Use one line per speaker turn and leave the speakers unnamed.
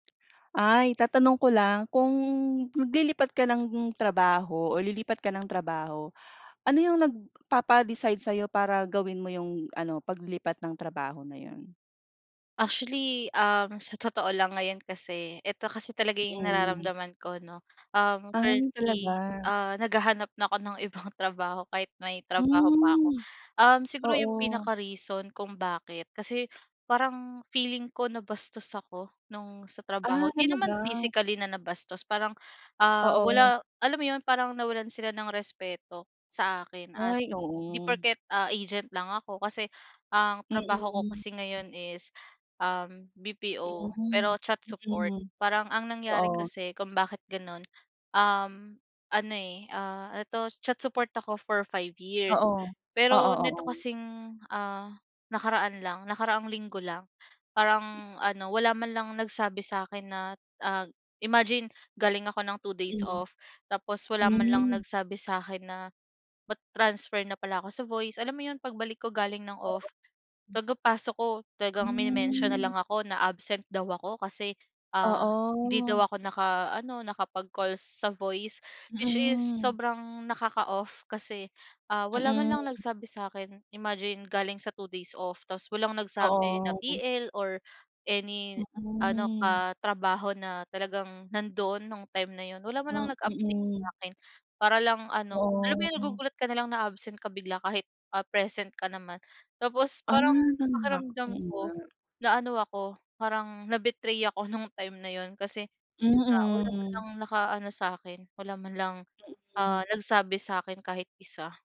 Ay, tatanong ko lang, kung maglilipat ka ng trabaho o lilipat ka ng trabaho, ano 'yong nagpapa-decide sa'yo para gawin mo 'yong ano, paglipat ng trabaho na 'yon?
Actually, ang sa totoo lang, ngayon kasi, eto kasi talaga 'yong
Mm.
nararamdaman ko, 'no. Um,
Ah,
currently,
talaga.
ah, naghahanap na ako ng ibang trabaho kahit may trabaho pa ako.
Hmm,
Um, siguro 'yong
oo.
pinaka-reason kung bakit, kasi parang feeling ko nabastos ako no'ng sa trabaho,
Ah,
hindi naman
talaga.
physically na nabastos parang, ah,
Oo.
wala alam mo 'yon, parang nawalan sila ng respeto sa akin
Ay,
as 'di
oo.
porket, ah, agent lang ako. Kasi, ang trabaho ko
Mm.
kasi ngayon is, um, BPO
Hmm,
pero chat support,
mm.
parang ang nangyari
Oo.
kasi kung bakit gano'n, um, ano, eh, ah, eto chat support ako for 5
Oo.
years.
Oo,
Pero neto
oo.
kasing, ah, nakaraan lang, nakaraang linggo lang parang ano, wala man lang nagsabi sa akin na ag imagine, galing ako ng 2 days
Mm.
off, tapos wala man lang
Hmm.
nagsabi sa akin na mata-transfer na pala ako sa voice. Alam mo 'yon, pagbalik ko galing ng
[unintelligible]
off, pagkapasok ko talagang mini-mention na
Hmm.
lang ako na absent daw ako kasi, ah, hindi daw
Oo.
ako nakaano, nakapag-calls sa voice, which is
Mm.
sobrang nakaka-off kasi, ah, wala man lang
Mm.
nagsabi sa akin. Imagine, galing sa 2 days off tapos walang nagsabi na
Oo.
TL or any ano
Mm.
katrabaho na talagang nando'n no'ng time na 'yon, wala man
Ah,
lang nag-update
mm.
sa'kin. Para lang ano alam mo
Oo,
'yong
ya
nagugulat ka na lang na absent ka bigla, kahit, ah, present ka naman. Tapos
Ah,
parang
ganun nga.
pakiramdam
Oo, nga.
ko naano ako, parang na-betray ako no'ng time na 'yon, kasi 'yon nga wala man
Mm.
lang nakaano sa'kin, wala man lang, ah,
Mm.
nagsabi sa'kin kahit isa.